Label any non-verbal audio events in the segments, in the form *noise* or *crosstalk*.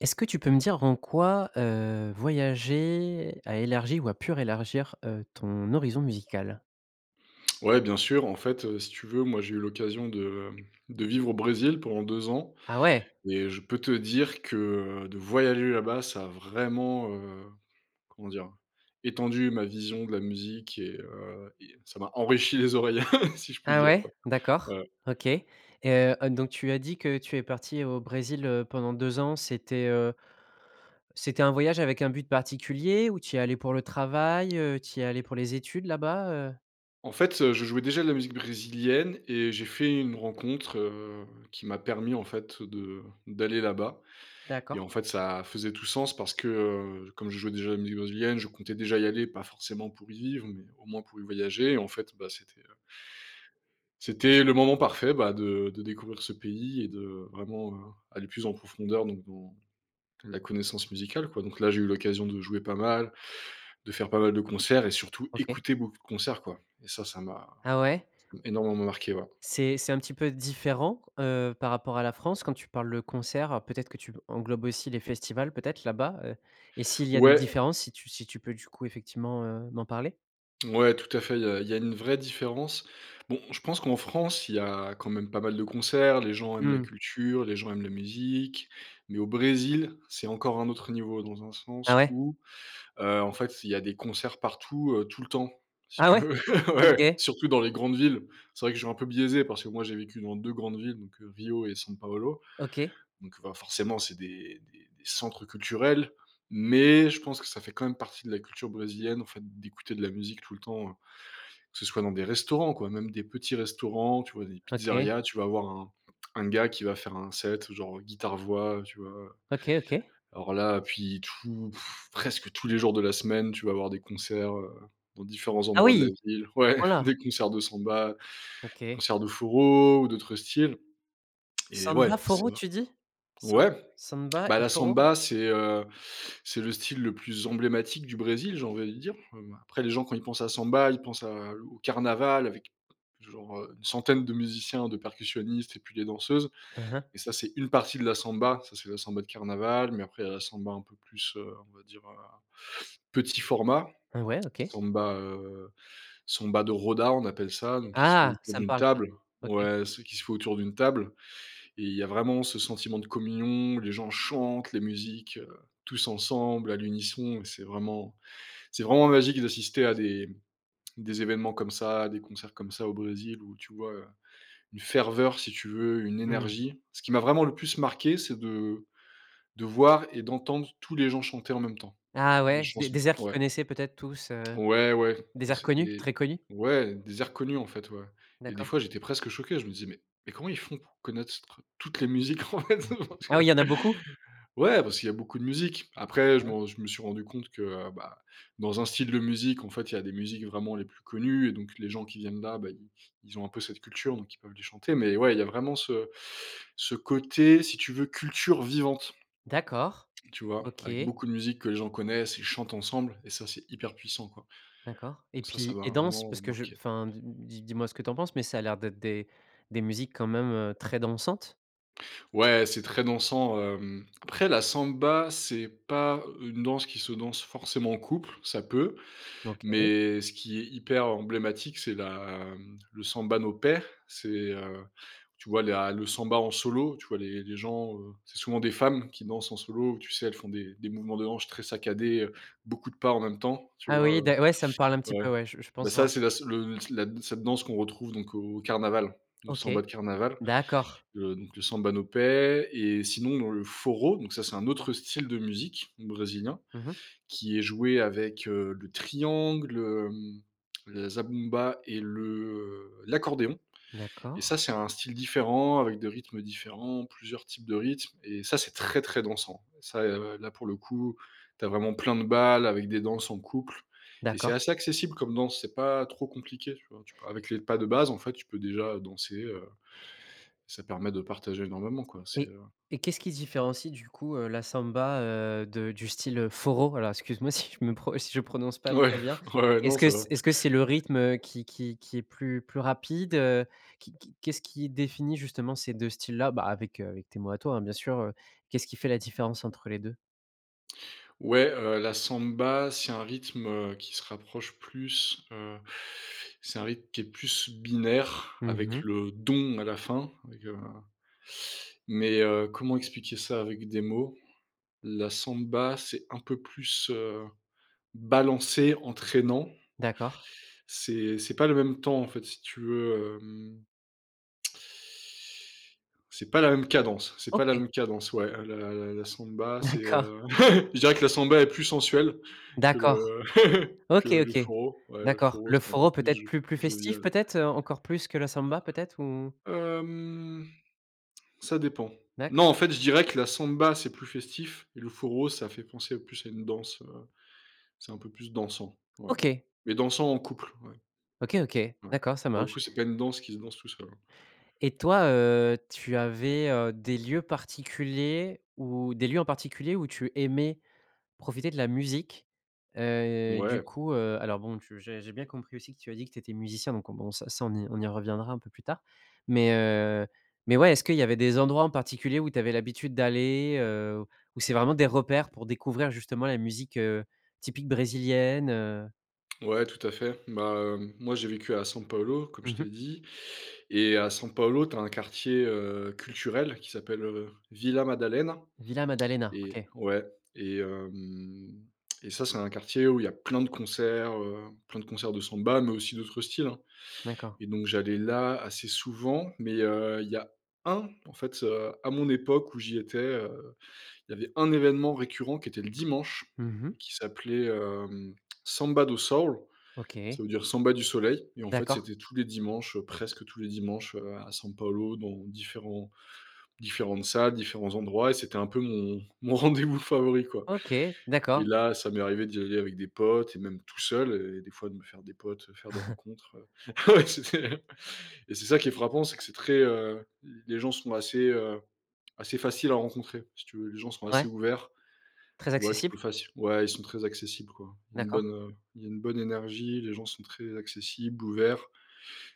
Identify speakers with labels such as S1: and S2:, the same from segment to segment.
S1: Est-ce que tu peux me dire en quoi, heu, voyager a élargi ou a pu rélargir, heu, ton horizon musical?
S2: Ouais bien sûr, en fait, heu, si tu veux, moi j'ai eu l'occasion de hem de vivre au Brésil pendant 2 ans
S1: Ah ouais!
S2: et je peux te dire que, heu, de voyager là-bas ça a vraiment, heu, comment dire? Étendu ma vision de la musique et heu et ça m'a enrichi les oreilles *chuckles* si je puis
S1: Ah
S2: dire
S1: ouais?
S2: quoi.
S1: D'accord,
S2: Ouais.
S1: OK et heu heu, donc tu as dit que tu es parti au Brésil, heu, pendant 2 ans, c'était heu c'était un voyage avec un but particulier, ou tu y es allé pour le travail? Heu, tu y es allé pour les études là-bas, heu?
S2: En fait, heu, je jouais déjà de la musique brésilienne et j'ai fait une rencontre, heu, qui m'a permis, en fait, de d'aller là-bas et
S1: D'accord.
S2: en fait, ça faisait tout sens, parce que, heu, comme je jouais déjà de la musique brésilienne, je comptais déjà y aller. Pas forcément pour y vivre, mais au moins pour y voyager et en fait, bah, c'était heu c'était le moment parfait, bah, de de découvrir ce pays et de vraiment, heu, aller plus en profondeur, donc dans la connaissance musicale quoi. Donc là, j'ai eu l'occasion de jouer pas mal, de faire pas mal de concerts et surtout
S1: OK.
S2: écouter beaucoup de concerts quoi. Et ça, ça m'a
S1: Ah ouais?
S2: ça m'a énormément marqué ouais.
S1: C'est c'est un petit peu différent, heu, par rapport à la France quand tu parles de concerts? Peut-être que tu englobes aussi les festivals, peut-être, là-bas, heu? Et s'il y a des
S2: Ouais.
S1: différences si tu si tu peux, du coup, effectivement, heu, m'en parler?
S2: Ouais, tout à fait, il y a il y a une vraie différence. Bon, je pense qu'en France, il y a quand même pas mal de concerts, les gens aiment la
S1: Mmh.
S2: culture, les gens aiment la musique, mais au Brésil, c'est encore un autre niveau. Dans un
S1: Ah
S2: sens
S1: ouais?
S2: où, heu, en fait, il y a des concerts partout, heu, tout le temps, si
S1: Ah
S2: tu
S1: ouais?
S2: veux, *chuckles* ouais,
S1: OK.
S2: surtout dans les grandes villes. C'est vrai que je suis un peu biaisé, parce que moi j'ai vécu dans 2 grandes villes, donc, heu, Rio et San Paolo.
S1: OK.
S2: Donc, bah, forcément, c'est des des des centres culturels. Mais je pense que ça fait quand même partie de la culture brésilienne, en fait, d'écouter de la musique tout le temps, heu. Que ce soit dans des restaurants quoi, même des petits restaurants, tu vois? Des
S1: OK.
S2: pizzerias, tu vas avoir un un gars qui va faire un set, genre, heu, guitare voix, heu, tu vois, heu?
S1: OK, OK.
S2: Alors là, puis tout pff presque tous les jours de la semaine, tu vas avoir des concerts, heu, dans différents
S1: Ah
S2: endroits de la
S1: oui!
S2: ville.
S1: À ce
S2: Ouais,
S1: point là!
S2: des concerts de samba,
S1: OK.
S2: concerts de forró ou d'autres styles. *clicks tongue* Et
S1: Samba
S2: ouais, c'est
S1: forró
S2: vr
S1: tu dis? Sam
S2: Ouais. *clicks tongue*
S1: samba
S2: Bah
S1: et
S2: la
S1: forró?
S2: samba, c'est, heu c'est le style le plus emblématique du Brésil, j'ai envie de dire, heu, bah. Après les gens quand ils pensent à samba, ils pensent à au carnaval avec genre, heu, une centaine de musiciens, de percussionnistes et puis des danseuses.
S1: Mmh mh.
S2: Et ça, c'est une partie de la samba, ça c'est la samba de carnaval. Mais après il y a la samba un peu plus, heu, on va dire, heu, petit format.
S1: Heu, ouais OK.
S2: Samba, heu samba de roda, on appelle ça, donc qui se fait
S1: Ah,
S2: autour
S1: ça me
S2: d'une
S1: parle ça!
S2: table.
S1: OK.
S2: Ouais, celle qui se fait autour d'une table et il y a vraiment ce sentiment de communion, les gens chantent, les musiques, heu tous ensemble à l'unisson et c'est vraiment c'est vraiment magique d'assister à des des événements comme ça, à des concerts comme ça au Brésil, où tu vois heu, une ferveur, si tu veux, une
S1: Mmh.
S2: énergie. Ce qui m'a vraiment le plus marqué, c'est de de voir et d'entendre tous les gens chanter en même temps,
S1: Ah
S2: les
S1: ouais, s des
S2: chansons.
S1: des airs qu'ils
S2: Ouais.
S1: connaissaient peut-être tous, heu.
S2: Ouais, ouais,
S1: Des
S2: Enfin
S1: airs connus,
S2: c'était
S1: très connus?
S2: ouais, des airs connus en fait, ouais. Et des
S1: D'accord.
S2: fois, j'étais presque choqué. Je me disais: «Mais mais comment ils font pour connaître ce tr toutes les musiques, en fait.
S1: *chuckles*
S2: Parce que?».
S1: Ah, il y en a beaucoup?
S2: Ouais, parce qu'il y a beaucoup de musique. Après, je me
S1: Ah.
S2: r je me suis rendu compte que, heu, bah, dans un style de musique, en fait, il y a des musiques vraiment les plus connues. Et donc, les gens qui viennent là, bah, ils ils ont un peu cette culture, donc ils peuvent les chanter. Mais ouais, il y a vraiment ce ce côté, si tu veux culture vivante,
S1: D'accord,
S2: tu vois? Avec
S1: OK.
S2: beaucoup de musiques que les gens connaissent et chantent ensemble et ça, c'est hyper puissant quoi.
S1: D'accord et
S2: Donc ça ça
S1: puis
S2: m'a
S1: et danse?
S2: vraiment
S1: Parce que je
S2: marqué.
S1: enfin, dis dis dis-moi ce que tu en penses, mais ça a l'air d'être des des musiques quand même, heu, très dansantes?
S2: Ouais, c'est très dansant, hem. Après la samba, c'est pas une danse qui se danse forcément en co uple. Ça peut.
S1: OK.
S2: Mais, ce qui est hyper emblématique, c'est la, mmh, le samba no pé, c'est, heu, tu vois, la le samba en solo, tu vois? Les les gens, heu, c'est souvent des femmes qui dansent en solo, où, tu sais, elles font des des mouvements de hanches très saccadés, heu, beaucoup de pas, en même temps, tu
S1: Ah
S2: vois,
S1: oui,
S2: heu?
S1: d'a ouais. Ça me parle un petit
S2: Ouais,
S1: peu. Ouais, je je
S2: bah,
S1: pense
S2: ça
S1: voir.
S2: c'est la s le la d cette danse qu'on retrouve donc au carnaval, au
S1: OK.
S2: samba de carnaval,
S1: D'accord.
S2: heu, donc le samba no pé et sinon dans le forró, donc, ça, c'est un autre style de musique brésilien
S1: Mmh mh.
S2: qui est joué avec, heu, le triangle, hem, le zabumba et le, heu, l'accordéon et
S1: D'accord.
S2: ça, c'est un style différent avec des rythmes différents, plusieurs types de rythmes et ça, c'est très, très dansant, ça, heu, là pour le coup. Tu as vraiment plein de bals avec des danses en couple et c'est
S1: D'accord.
S2: assez accessible comme danse. C'est pas trop compliqué, tu vois? Avec les pas de base, en fait, tu peux, déjà, heu, danser, heu, ça permet de partager énormément, quoi. C'est,
S1: Et
S2: heu
S1: et qu'est-ce qui se différencie, du coup, heu, la samba, heu, de du style, heu, forró? Voilà, excuse-moi si je me pro si je prononce pas
S2: Ouais,
S1: très bien.
S2: ouais.
S1: Est-ce
S2: Non,
S1: que
S2: ça va.
S1: ce est-ce que c'est le rythme, heu, qui qui qui est plus plus rapide, heu, qui qui qu'est-ce qui ait défini justement ces 2 styles-là, bah, avec, heu, avec tes mots à toi, hein, bien sûr, heu. Qu'est-ce qui fait la différence entre les 2?
S2: Ouais, heu, la samba, c'est un rythme, heu, qui se rapproche plus, heu, c'est un rythme qui est plus binaire
S1: Mmh
S2: avec
S1: mh.
S2: le dong à la fin, avec, heu, mais, heu, comment expliquer ça avec des mots? La samba, c'est un peu plus, heu, balancé, entraînant
S1: D'accord.
S2: c'est c'est pas le même temps, en fait, si tu veux, hem c'est pas la même cadence, c'est pas la
S1: OK.
S2: même cadence. Ouais, heu, la la samba, c'est,
S1: D'accord.
S2: heu, *laughs* je dirais que la samba est plus sensuelle que
S1: D'accord!
S2: le *laughs* que
S1: OK.
S2: le
S1: OK.
S2: forró. Ouais, le
S1: D'accord,
S2: forró
S1: le
S2: c'est un peu
S1: forró
S2: plus jo
S1: peut-être plus plus festif
S2: jovial. Ouais.
S1: peut-être, heu, encore plus que la samba peut-être ou?
S2: Hem. Ça dépend.
S1: D'accord.
S2: Non, en fait, je dirais que la samba, c'est plus festif et le forró, ça fait penser plus à une danse, heu, c'est un peu plus dansant. Ouais,
S1: OK.
S2: mais dansant en couple. Ouais
S1: OK. OK.
S2: ouais.
S1: D'accord. Ça
S2: Pour le
S1: marche.
S2: coup, c'est pas une danse qui se danse tout seul.
S1: Et toi, heu, tu avais, heu, des lieux particuliers où des lieux en particulier où tu aimais profiter de la musique? Heu, du
S2: Mouais.
S1: coup, heu, alors, bon, tu j'ai j'ai bien compris aussi que tu as dit que tu étais musicien. Donc, bon, ça, ça on y on y reviendra un peu plus tard. Mais, heu, mais, ouais, est-ce qu'il y avait des endroits en particulier où tu avais l'habitude d'aller? Heu, où c'est vraiment des repères pour découvrir justement la musique, heu, typique brésilienne, heu?
S2: Ouais, tout à fait. Bah, hem, moi, j'ai vécu à San Paolo, comme je
S1: Mmh mh.
S2: t'ai dit et à San Paolo, tu as un quartier, heu, culturel qui s'appelle Vila Madalena,
S1: Vila Madalena,
S2: et
S1: OK.
S2: ouais et hem et ça, c'est un quartier où il y a plein de concerts, heu, plein de concerts de samba mais aussi d'autres styles, hein.
S1: D'accord.
S2: Et donc j'allais là assez souvent, mais heu, il y a 1, en fait, heu, à mon époque, où j'y étais, heu, il y avait 1 événement récurrent qui était le dimanche,
S1: Mmh
S2: et
S1: mh.
S2: qui s'appelait, hem, Samba do Sol,
S1: OK.
S2: ça veut dire samba du soleil et en fait,
S1: D'accord.
S2: c'était tous les dimanches, heu, presque tous les dimanches, heu, à San Paolo dans différents différentes salles, différents endroits et c'était un peu mon mon rendez-vous favori, quoi
S1: OK,
S2: et
S1: d'accord.
S2: là, ça m'est arrivé d'y aller avec des potes et même tout seul et des fois de me faire des potes, faire des
S1: *chuckles*
S2: rencontres heu ouais, c'est et c'est ça qui est frappant, c'est que c'est très, heu, les gens sont assez, heu, assez faciles à rencontrer, si tu veux. Les gens sont assez
S1: Ouais.
S2: ouverts,
S1: Très
S2: tu vois? Tu
S1: accessible?
S2: peux facile ouais ils sont très accessibles, quoi, une
S1: D'accord.
S2: bonne, heu, une bonne énergie. Les gens sont très accessibles, ouverts.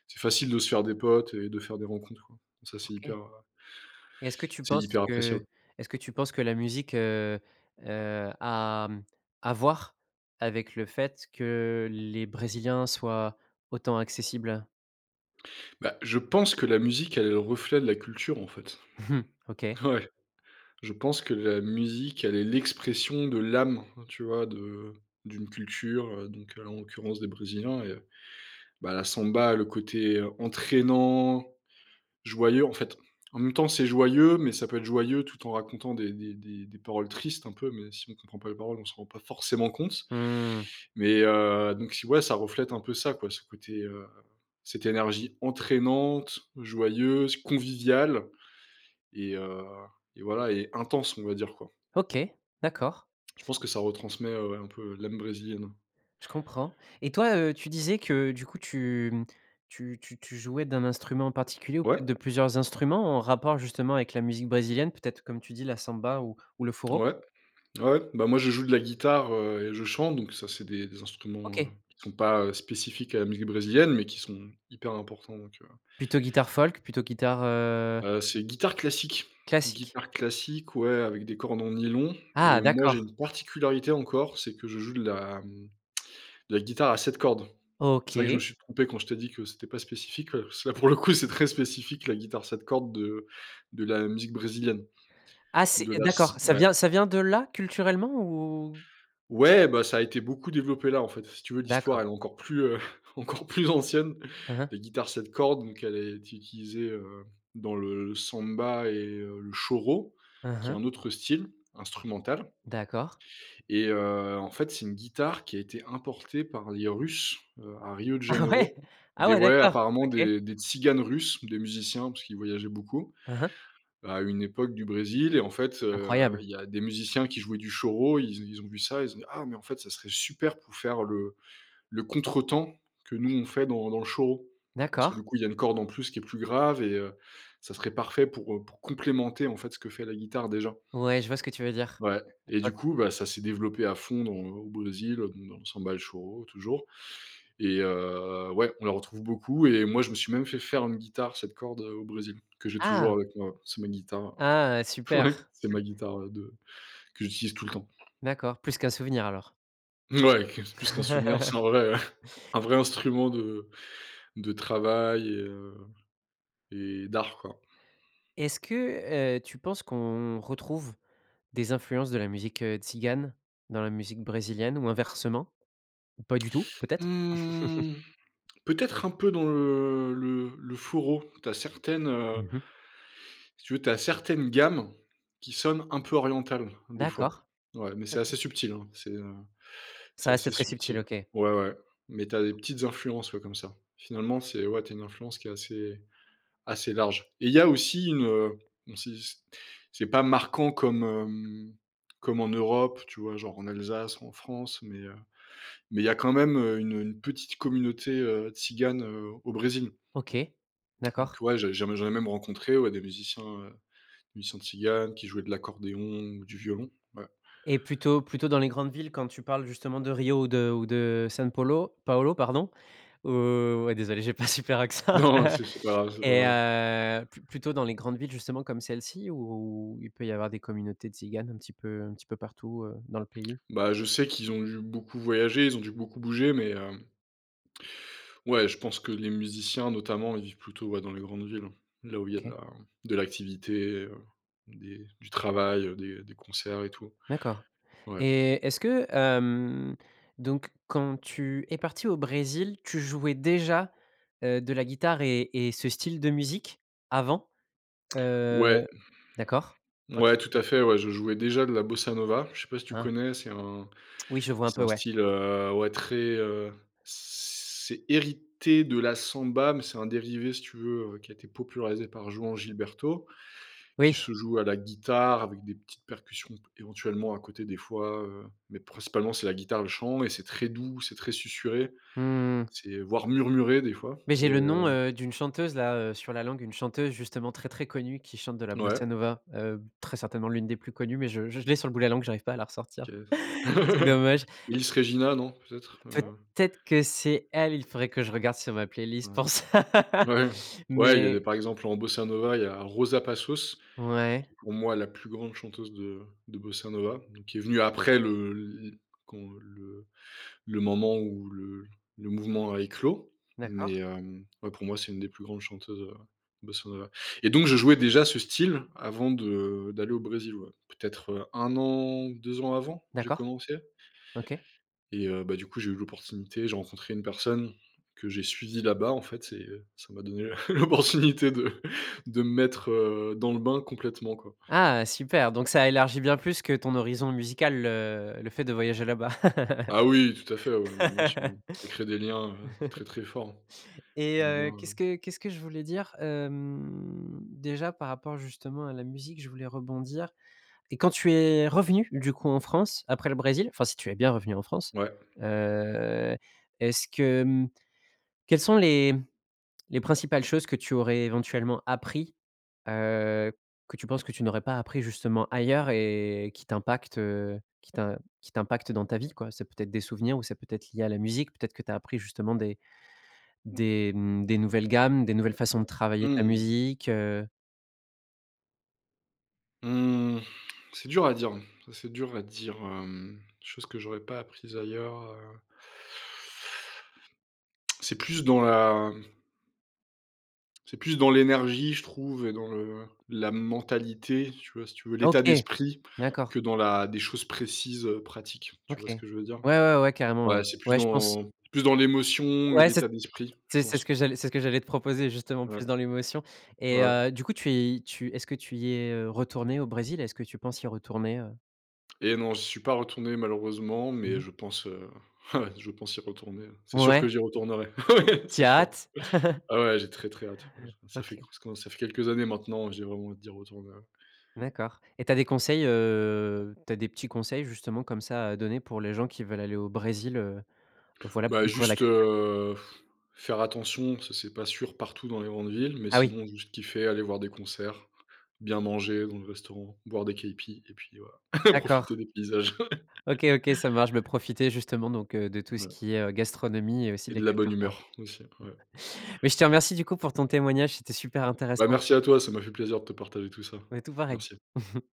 S2: C'est facile de se faire des potes et de faire des rencontres, quoi. Ça c'est
S1: OK.
S2: hyper, heu,
S1: Et est-ce que tu
S2: c'est
S1: penses
S2: hyper
S1: que
S2: appréciable.
S1: est-ce que tu penses que la musique, heu, heu, a, mmh, à voir avec le fait que les Brésiliens soient, autant accessibles?
S2: Bah, je pense que la musique, elle est le reflet de la culture, en fait.
S1: *chuckles* OK.
S2: Ouais. Je pense que la musique, elle est l'expression de l'âme, tu vois, de d'une culture, heu, donc, heu, là, en l'occurrence, des brésiliens et bah, la samba, le côté entraînant, joyeux, en fait. En même temps, c'est joyeux, mais ça peut être joyeux, tout en racontant des des des des paroles tristes un peu, mais si on comprend pas les paroles, on se rend pas forcément compte.
S1: Mmh.
S2: Mais, heu, donc, si, ouais, ça reflète un peu ça, quoi, ce côté, heu, cette énergie entraînante, joyeuse, conviviale et heu et voilà et intense, on va dire, quoi.
S1: OK, d'accord.
S2: Je pense que ça retransmet, heu, ouais un peu l'âme brésilienne.
S1: Je comprends et toi, heu, tu disais que, du coup, tu, mmh, tu tu tu jouais d'un instrument particulier ou
S2: Ouais.
S1: peut-être de plusieurs instruments, en rapport, justement, avec la musique brésilienne, peut-être, comme tu dis la samba ou ou le choro?
S2: Ouais, ouais. Bah, moi, je joue de la guitare, heu et je chante, donc, ça, c'est des des instruments, heu,
S1: OK.
S2: qui sont pas, heu, spécifiques à la musique brésilienne, mais qui sont hyper importants, donc, heu
S1: Plutôt guitare folk, plutôt guitare heu
S2: heu, c'est guitare classique,
S1: classique?
S2: guitare classique, ouais, avec des cordes en nylon
S1: Ah
S2: et moi, j'ai
S1: d'accord.
S2: une particularité encore, c'est que je joue de la, mmh, de la guitare à 7 cordes. C'est vrai que je me
S1: OK.
S2: suis trompé quand je t'ai dit que c'était pas spécifique, parce que, là, pour le coup, c'est très spécifique, la guitare 7 cordes de de la musique brésilienne,
S1: Ah, c'est,
S2: de
S1: heu,
S2: la
S1: d'accord,
S2: s
S1: ça
S2: ouais.
S1: vient ça vient de là culturellement ou?
S2: Ouais, bah ça a été beaucoup développé là, en fait, si tu veux, l'histoire,
S1: D'accord.
S2: elle est encore plus, heu, encore plus ancienne.
S1: Hein hein.
S2: Les guitares 7 cordes, donc elle a été utilisée, heu, dans le le samba et heu, le choro,
S1: Hein
S2: qui est
S1: hein.
S2: un autre style instrumental.
S1: D'accord.
S2: Et heu, en fait, c'est une guitare qui a été importée par les Russes, heu, à Rio de
S1: Ah ouais?
S2: Janeiro,
S1: Ah
S2: des
S1: ouais,
S2: ouais
S1: d'accord,
S2: apparemment
S1: OK.
S2: des des tziganes russes, des musiciens, parce qu'ils voyageaient beaucoup
S1: Hein hein.
S2: à une époque du Brésil et en fait, heu,
S1: Incroyable.
S2: il y a des musiciens qui jouaient du choro. Ils ont ils ont vu ça, ils ont dit: «Ah, mais, en fait, ça serait super pour faire le le contretemps que nous, on fait dans dans le choro. Parce
S1: D'accord.
S2: que, du coup, il y a une corde en plus, qui est plus grave et heu, ça serait parfait pour, heu, pour complémenter, en fait, ce que fait la guitare déjà».
S1: Ouais, je vois ce que tu veux dire.
S2: Ouais
S1: Je
S2: et du
S1: vois
S2: coup, bah, ça s'est développé à fond dans au Brésil, donc dans la samba et le choro, toujours et heu, ouais, on la retrouve beaucoup et moi, je me suis même fait faire une guitare 7 cordes, heu, au Brésil que j'ai toujours
S1: Ah!
S2: avec moi, c'est ma guitare,
S1: Ah, super.
S2: ouais c'est ma guitare, ouais, de que j'utilise tout le temps.
S1: D'accord, plus qu'un souvenir, alors.
S2: Ouais, qu c'est plus qu'un souvenir,
S1: *chuckles*
S2: c'est un vrai *chuckles* un vrai instrument de de travail et heu et d'art, quoi.
S1: Est-ce que, heu, tu penses qu'on retrouve des influences de la musique, heu, tzigane dans la musique brésilienne ou inversement? Ou pas du tout, peut-être? *chuckles*
S2: Mmh, peut-être un peu dans le le le choro. Tu as certaines, heu
S1: Mmh mh.
S2: si tu veux, tu as certaines gammes qui sonnent un peu orientales, des fois,
S1: D'accord.
S2: ouais. Mais, c'est assez
S1: OK.
S2: subtil, hein, c'est, heu,
S1: Ça
S2: c'est
S1: reste
S2: assez
S1: très subtil,
S2: subtil.
S1: OK.
S2: Ouais, ouais, mais, tu as des petites influences, ouais, comme ça. Finalement, c'est ouais, tu as une influence qui est assez assez large et il y a aussi une, heu, mmh, si c c'est pas marquant comme, hem, comme en Europe, tu vois, genre, en Alsace ou en France, mais, heu, mais il y a quand même, heu, une, heu, une petite communauté, heu, Tzigane, heu, au Brésil.
S1: OK,
S2: Donc,
S1: d'accord.
S2: ouais, j'ai j'ai m j'en ai même rencontré, ouais, des musiciens, heu, des musiciens tziganes qui jouaient de l'accordéon ou du violon. Ouais.
S1: Et plutôt plutôt dans les grandes villes, quand tu parles, justement, de Rio ou de ou de São Paulo, Paulo, pardon, ou ouais, désolé, j'ai pas un super accent
S2: Non c'est
S1: *chuckles*
S2: c'est pas c'est
S1: et
S2: pas
S1: heu, plu plutôt dans les grandes villes, justement, comme celle-ci ou il peut y avoir des communautés Tziganes un petit peu un petit peu partout, heu, dans le pays?
S2: Bah, je sais qu'ils ont dû beaucoup voyager, ils ont dû beaucoup bouger, mais hem ouais, je pense que les musiciens notamment, ils vivent plutôt, ouais, dans les grandes villes, là où il y a de
S1: OK.
S2: la de l'activité, heu, des du travail, heu, des des concerts et tout.
S1: D'accord
S2: Ouais.
S1: et est-ce que, hem, donc, quand tu es parti au Brésil, tu jouais déjà, heu, de la guitare et et ce style de musique, avant? Heu,
S2: Ouais.
S1: d'accord, OK.
S2: Ouais, tout à fait, ouais, je jouais déjà de la bossa nova. Je sais pas si tu
S1: Ah.
S2: connais, c'est un
S1: Oui, je vois un
S2: c'est
S1: peu,
S2: un
S1: ouais.
S2: style, heu, ouais très, heu, c'est hérité de la samba, mais c'est un dérivé, si tu veux, heu, qui a été popularisé par Joao Gilberto,
S1: Oui.
S2: qui se joue à la guitare avec des petites percussions p éventuellement à côté, des fois, heu, mais, principalement, c'est la guitare, le chant et c'est très doux, c'est très susurré,
S1: Mmh mh.
S2: c'est voire murmuré des fois
S1: Mais, j'ai
S2: et
S1: le nom,
S2: heu
S1: heu, d'une chanteuse, là, heu, sur la langue, une chanteuse, justement, très, très connue, qui chante de la
S2: N
S1: bossa
S2: ouais.
S1: nova, heu, très certainement l'une des plus connues mais je je je l'ai sur le bout de la langue, j'arrive pas à la
S2: Qui
S1: ressortir,
S2: est-ce?
S1: *inhales* c'est
S2: *laughs*
S1: dommage.
S2: Ellis Regina, non, peut-être, heu?
S1: Peut-être que c'est elle, il faudrait que je regarde sur ma
S2: Ouais.
S1: playlist pour ça.
S2: Ouais, ouais, il y avait,
S1: Mais
S2: par exemple, en bossa nova, il y a Rosa Passos, qui
S1: Ouais.
S2: est pour moi la plus grande chanteuse de de bossa nova, donc qui est venue après le l l quand le le moment où le le mouvement a éclos,
S1: D'accord.
S2: mais, hem, ouais, pour moi, c'est une des plus grandes chanteuses, heu, de bossa nova et donc, je jouais déjà ce style avant de d'aller au Brésil, ouais, peut-être, heu, 1 an, 2 ans avant, j'ai
S1: D'accord,
S2: commencé.
S1: OK.
S2: Et heu, bah, du coup, j'ai eu l'opportunité, j'ai rencontré une personne que j'ai suivie là-bas, en fait et heu, ça m'a donné l'opportunité de de me mettre, heu, dans le bain complètement, quoi.
S1: Ah, heu, super, donc, ça élargit bien plus que ton horizon musical le le fait de voyager là-bas.
S2: Ah oui, tout à fait, ouais, beh bien sûr, ça crée des liens, heu, très,
S1: *laughs*
S2: très forts.
S1: Et
S2: Des
S1: heu,
S2: liens
S1: qu'est-ce
S2: heu
S1: que qu'est-ce que je voulais dire? Hem, déjà par rapport, justement, à la musique, je voulais rebondir et quand tu es revenu, du coup, en France, après le Brésil, enfin, si tu es bien revenu en France,
S2: Ouais.
S1: heu, est-ce que, mmh, quelles sont les les principales choses que tu aurais éventuellement appris, heu, que tu penses que tu n'aurais pas appris, justement, ailleurs et qui t'impactent, heu, qui t'im qui t'impactent dans ta vie, quoi? C'est peut-être des souvenirs ou c'est peut-être lié à la musique, peut-être que tu as appris justement des des, mmh, des nouvelles gammes, des nouvelles façons de travailler ta
S2: Mmh.
S1: musique, heu?
S2: Mmh, c'est dur à dire, ça, c'est dur à dire, hem, des choses que j'aurais pas apprises ailleurs, heu c'est plus dans la c'est plus dans l'énergie, je trouve et dans le la mentalité, tu vois, si tu veux, l'état
S1: OK.
S2: d'esprit
S1: D'accord.
S2: que dans la des choses précises, heu, pratiques, tu
S1: OK.
S2: vois ce
S1: Ouais,
S2: que je veux dire?
S1: ouais, ouais, carrément, ouais.
S2: Ouais, c'est plus
S1: Ouais, je pense.
S2: dans plus dans l'émotion et
S1: Ouais, c'est
S2: l'état d'esprit, je
S1: c'est c'est ce
S2: pense.
S1: que j'allais c'est ce que j'allais te proposer, justement,
S2: Ouais,
S1: plus dans l'émotion et
S2: ouais.
S1: heu, du coup, tu y tu est-ce que tu y es, heu, retourné au Brésil? Est-ce que tu penses y retourner, heu?
S2: Eh non, j'y suis pas retourné, malheureusement,
S1: Mmh
S2: mais,
S1: mh.
S2: je pense, heu, ouais, je pense y retourner. C'est sûr
S1: Ouais.
S2: que j'y retournerai. Ouais!
S1: Tu tu y
S2: C'est
S1: as
S2: sûr!
S1: hâte. *chuckles*
S2: Ah ouais, j'ai très, très hâte. Ouais, je ça fait que
S1: OK.
S2: c quand ça fait quelques années, maintenant, j'ai vraiment hâte d'y retourner, ouais.
S1: D'accord, et tu as des conseils, heu, tu as des petits conseils, justement, comme ça, à donner pour les gens qui veulent aller au Brésil, heu, voilà, pour
S2: Bah
S1: découvrir la
S2: juste,
S1: culture?
S2: heu, *blows air* faire attention, ça, c'est pas sûr partout dans les grandes villes, mais,
S1: Ah oui.
S2: sinon, juste kiffer, aller voir des concerts, bien manger dans les restaurants, boire des caïpis et puis voilà *chuckles*
S1: D'accord.
S2: profiter des paysages.
S1: OK, OK, ça marche, beh,
S2: *chuckles*
S1: profiter, justement, donc, heu, de tout ce
S2: Voilà.
S1: qui est, heu, gastronomie et aussi
S2: Et
S1: de la
S2: de la bonne
S1: culture, quoi.
S2: humeur, aussi. Ouais.
S1: *chuckles* Mais, je te remercie, du coup, pour ton témoignage, c'était super
S2: Bah
S1: intéressant.
S2: merci à toi, ça m'a fait plaisir de te partager tout ça.
S1: Ouais, tout pareil.
S2: Merci.
S1: *chuckles*